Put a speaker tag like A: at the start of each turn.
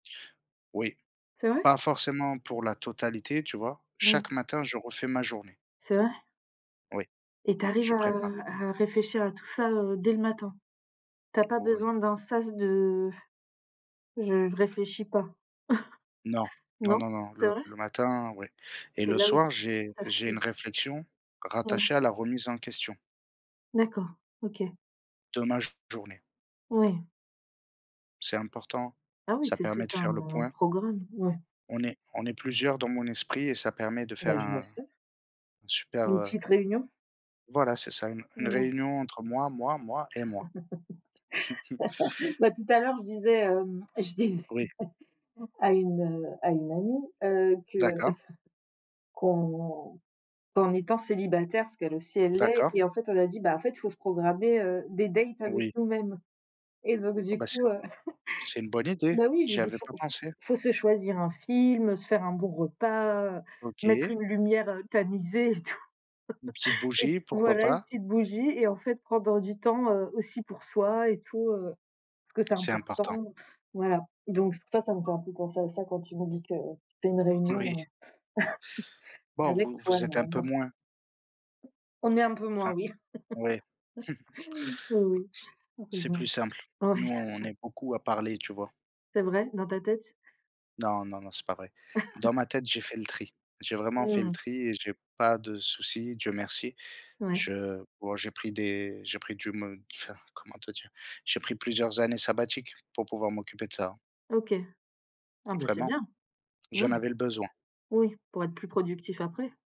A: Oui.
B: C'est vrai?
A: Pas forcément pour la totalité, tu vois?
B: Mmh.
A: Chaque matin, je refais ma journée.
B: C'est vrai?
A: Oui.
B: Et tu arrives
A: Je
B: à
A: prépare
B: à réfléchir à tout ça, heu, dès le matin? Tu as pas
A: Oui.
B: besoin d'un sas de Je ne réfléchis pas.
A: Non. Non,
B: Non?
A: non, non,
B: C'est
A: le
B: vrai?
A: le matin, oui. Et
B: C'est
A: le
B: là où
A: soir,
B: tu f
A: j'ai
B: ça
A: j'ai une
B: fuse.
A: réflexion
B: Mmh.
A: rattachée à la remise en question
B: D'accord, OK.
A: de ma journée.
B: Oui.
A: C'est important,
B: Ah oui,
A: ça
B: c'est tout
A: permet de faire le
B: un
A: point.
B: programme, oui.
A: On est on est plusieurs dans mon esprit et ça permet de faire
B: Ben je vois
A: un
B: ça.
A: un super,
B: Une
A: heu
B: petite réunion?
A: voilà, c'est ça une, une
B: Mmh.
A: réunion entre moi, moi, moi et moi.
B: Bah tout l'heure, je disais, hem, je dis
A: Oui.
B: à une, heu, à une amie heu, que
A: D'accord.
B: qu'on qu'en étant célibataire- parce qu'elle aussi, elle l'est-
A: D'accord.
B: et en fait, on a dit: «En fait il faut se programmer, heu, des dates avec
A: Oui.
B: nous-mêmes», et donc
A: Oh
B: du
A: bah, c'est
B: coup, heu
A: c'est une bonne idée,
B: bah oui je
A: j'y
B: lui dis: «Il
A: avais
B: faut
A: pas
B: il faut
A: pensé.
B: il faut se choisir un film, heu, se faire un bon repas, heu, mettre
A: OK.
B: une lumière, heu, tamisée et tout».
A: Une petite
B: Et puis
A: bougie? Pourquoi
B: voilà, une
A: pas.
B: petite bougie et en fait, prendre du temps, heu, aussi pour soi et tout, heu, parce que c'est
A: C'est important.
B: important voilà. Donc ça, ça me fait un peu penser à ça quand tu me dis que tu, heu, fais une
A: Oui.
B: réunion, heu,
A: Bon,
B: avec
A: vous vous êtes un peu
B: toi-même.
A: moins.
B: On est un peu moins,
A: Enfin
B: oui.
A: oui.
B: Heu, oui.
A: C'est
B: Ah c'est
A: c'est
B: vrai.
A: plus simple. Nous,
B: Oui.
A: on est beaucoup à parler, tu vois?
B: C'est vrai? Dans ta tête?
A: Non, non, non, c'est pas vrai. Dans ma tête, j'ai fait le tri. J'ai vraiment fait le
B: Mmh.
A: tri et j'ai pas de soucis, Dieu merci.
B: Ouais.
A: Je bon, j'ai pris des, j'ai pris du me enfin, comment te dire? J'ai pris plusieurs années sabbatiques pour pouvoir m'occuper de ça.
B: OK. Ah bah, c'est
A: Vraiment.
B: bien.
A: J'en
B: Oui.
A: avais le besoin.
B: Oui, pour être plus productif après.